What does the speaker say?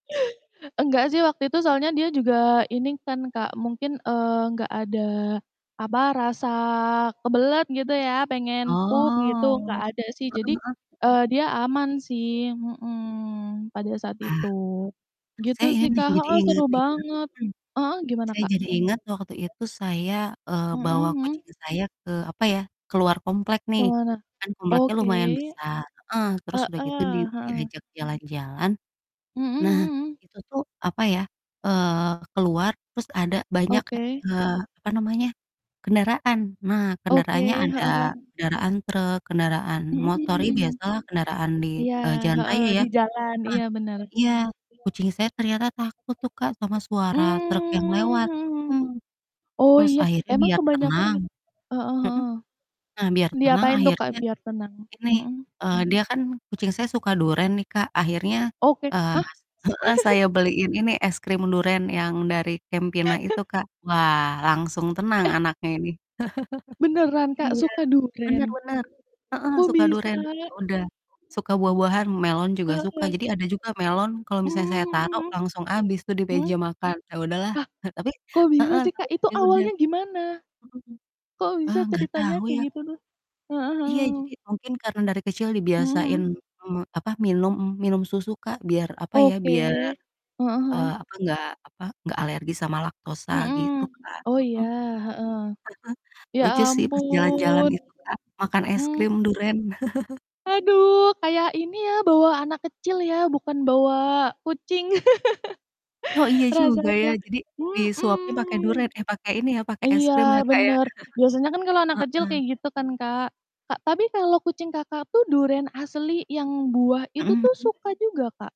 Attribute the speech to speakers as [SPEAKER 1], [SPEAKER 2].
[SPEAKER 1] Enggak sih, waktu itu soalnya dia juga ini kan Kak, mungkin, eee, enggak ada, apa, rasa kebelet gitu ya, pengen pup
[SPEAKER 2] Oh.
[SPEAKER 1] gitu enggak
[SPEAKER 2] Heeh
[SPEAKER 1] ada sih. Jadi,
[SPEAKER 2] heeh.
[SPEAKER 1] eee, dia aman sih mhm, pada saat
[SPEAKER 2] Ah,
[SPEAKER 1] itu
[SPEAKER 2] terus
[SPEAKER 1] gitu
[SPEAKER 2] saya ini
[SPEAKER 1] sih,
[SPEAKER 2] nih,
[SPEAKER 1] Kak
[SPEAKER 2] jadi
[SPEAKER 1] heeh, seru
[SPEAKER 2] ingat nih Kak,
[SPEAKER 1] banget
[SPEAKER 2] mhm,
[SPEAKER 1] heeh, gimana,
[SPEAKER 2] saya
[SPEAKER 1] Kak?
[SPEAKER 2] jadi ingat waktu itu saya, eee,
[SPEAKER 1] Mhm
[SPEAKER 2] bawa
[SPEAKER 1] mhm.
[SPEAKER 2] kucing saya ke, apa ya, keluar komplek
[SPEAKER 1] Ke
[SPEAKER 2] nih.
[SPEAKER 1] mana?
[SPEAKER 2] Kan kompleknya
[SPEAKER 1] Oke.
[SPEAKER 2] lumayan besar, heeh, terus
[SPEAKER 1] Heeh,
[SPEAKER 2] udah gitu di
[SPEAKER 1] heeh.
[SPEAKER 2] diajak jalan-jalan,
[SPEAKER 1] Mhm
[SPEAKER 2] nah
[SPEAKER 1] mhm mhm.
[SPEAKER 2] itu tuh, apa ya, eee, keluar terus ada banyak kek,
[SPEAKER 1] Oke.
[SPEAKER 2] eee, apa namanya, kendaraan. Nah,
[SPEAKER 1] Oke,
[SPEAKER 2] kendaraannya ada
[SPEAKER 1] heeh heeh.
[SPEAKER 2] kendaraan truk, kendaraan motor, ya,
[SPEAKER 1] Mhm.
[SPEAKER 2] biasalah kendaraan di,
[SPEAKER 1] Iya,
[SPEAKER 2] eee, jalan
[SPEAKER 1] heeh,
[SPEAKER 2] raya ya.
[SPEAKER 1] di jalan, iya bener.
[SPEAKER 2] Nah iya, kucing saya ternyata takut tuh Kak, sama suara
[SPEAKER 1] Mmm,
[SPEAKER 2] truk yang lewat
[SPEAKER 1] mhm mhm.
[SPEAKER 2] mhm,
[SPEAKER 1] Oh
[SPEAKER 2] terus
[SPEAKER 1] iya,
[SPEAKER 2] akhirnya
[SPEAKER 1] emang
[SPEAKER 2] biar
[SPEAKER 1] kebanyakan
[SPEAKER 2] tenang
[SPEAKER 1] git heeh
[SPEAKER 2] mhm,
[SPEAKER 1] heeh.
[SPEAKER 2] nah biar tenang
[SPEAKER 1] Diapain tuh Kak,
[SPEAKER 2] akhirnya
[SPEAKER 1] biar tenang?
[SPEAKER 2] ini,
[SPEAKER 1] Mhm.
[SPEAKER 2] eee, dia kan kucing saya suka duren nih Kak, akhirnya,
[SPEAKER 1] Oke,
[SPEAKER 2] eee
[SPEAKER 1] hah?
[SPEAKER 2] heeh, saya beliin ini es krim duren yang dari Campina itu, Kak. Wah langsung tenang
[SPEAKER 1] Eh?
[SPEAKER 2] anaknya ini.
[SPEAKER 1] Beneran Kak,
[SPEAKER 2] Iya,
[SPEAKER 1] suka duren?
[SPEAKER 2] bener bener, heeh,
[SPEAKER 1] Kok,
[SPEAKER 2] suka
[SPEAKER 1] bisa?
[SPEAKER 2] duren, ya udah, suka buah-buahan, melon juga
[SPEAKER 1] Oh,
[SPEAKER 2] suka,
[SPEAKER 1] iya?
[SPEAKER 2] jadi ada juga melon, kalau misalnya saya
[SPEAKER 1] Mhm,
[SPEAKER 2] tarok
[SPEAKER 1] iya.
[SPEAKER 2] langsung habis tuh di
[SPEAKER 1] Mhm.
[SPEAKER 2] meja makan. Ya udahlah,
[SPEAKER 1] Lah?
[SPEAKER 2] tapi
[SPEAKER 1] Kok bisa
[SPEAKER 2] heeh,
[SPEAKER 1] sih
[SPEAKER 2] tapi
[SPEAKER 1] Kak, itu
[SPEAKER 2] ya udah
[SPEAKER 1] awalnya gimana?
[SPEAKER 2] mhm,
[SPEAKER 1] Kok bisa
[SPEAKER 2] eee, nggak
[SPEAKER 1] ceritanya
[SPEAKER 2] tahu
[SPEAKER 1] kayak
[SPEAKER 2] ya.
[SPEAKER 1] gitu tuh? Heeh,
[SPEAKER 2] Iya, jadi
[SPEAKER 1] mhm.
[SPEAKER 2] mungkin karena dari kecil
[SPEAKER 1] Mhm
[SPEAKER 2] dibiasain
[SPEAKER 1] mhm.
[SPEAKER 2] me apa, minum minum susu Kak biar, apa ya,
[SPEAKER 1] Oke.
[SPEAKER 2] biar,
[SPEAKER 1] Heeh heeh.
[SPEAKER 2] eee, apa, enggak, apa, enggak alergi sama laktosa gitu,
[SPEAKER 1] Mhm,
[SPEAKER 2] Kak.
[SPEAKER 1] oh
[SPEAKER 2] Mhm,
[SPEAKER 1] iya, heeh. Ya
[SPEAKER 2] lucu sih pas jalan-jalan
[SPEAKER 1] ampun.
[SPEAKER 2] itu Kak, makan es
[SPEAKER 1] Mmm.
[SPEAKER 2] krim duren.
[SPEAKER 1] Aduh, kayak ini ya, bawa anak kecil ya bukan bawa kucing,
[SPEAKER 2] Oh, iya juga ya,
[SPEAKER 1] rasanya
[SPEAKER 2] jadi disuapnya pakai
[SPEAKER 1] mhm,
[SPEAKER 2] duren, eh, pakai ini ya, pakai es
[SPEAKER 1] iya
[SPEAKER 2] krim ya, Kak, ya.
[SPEAKER 1] bener, biasanya kan kalau anak kecil
[SPEAKER 2] Heeh.
[SPEAKER 1] kayak gitu kan, Kak. Kak, tapi kalau kucing Kakak tuh duren asli yang buah itu
[SPEAKER 2] Mhm
[SPEAKER 1] tuh
[SPEAKER 2] mhm.
[SPEAKER 1] suka juga, Kak?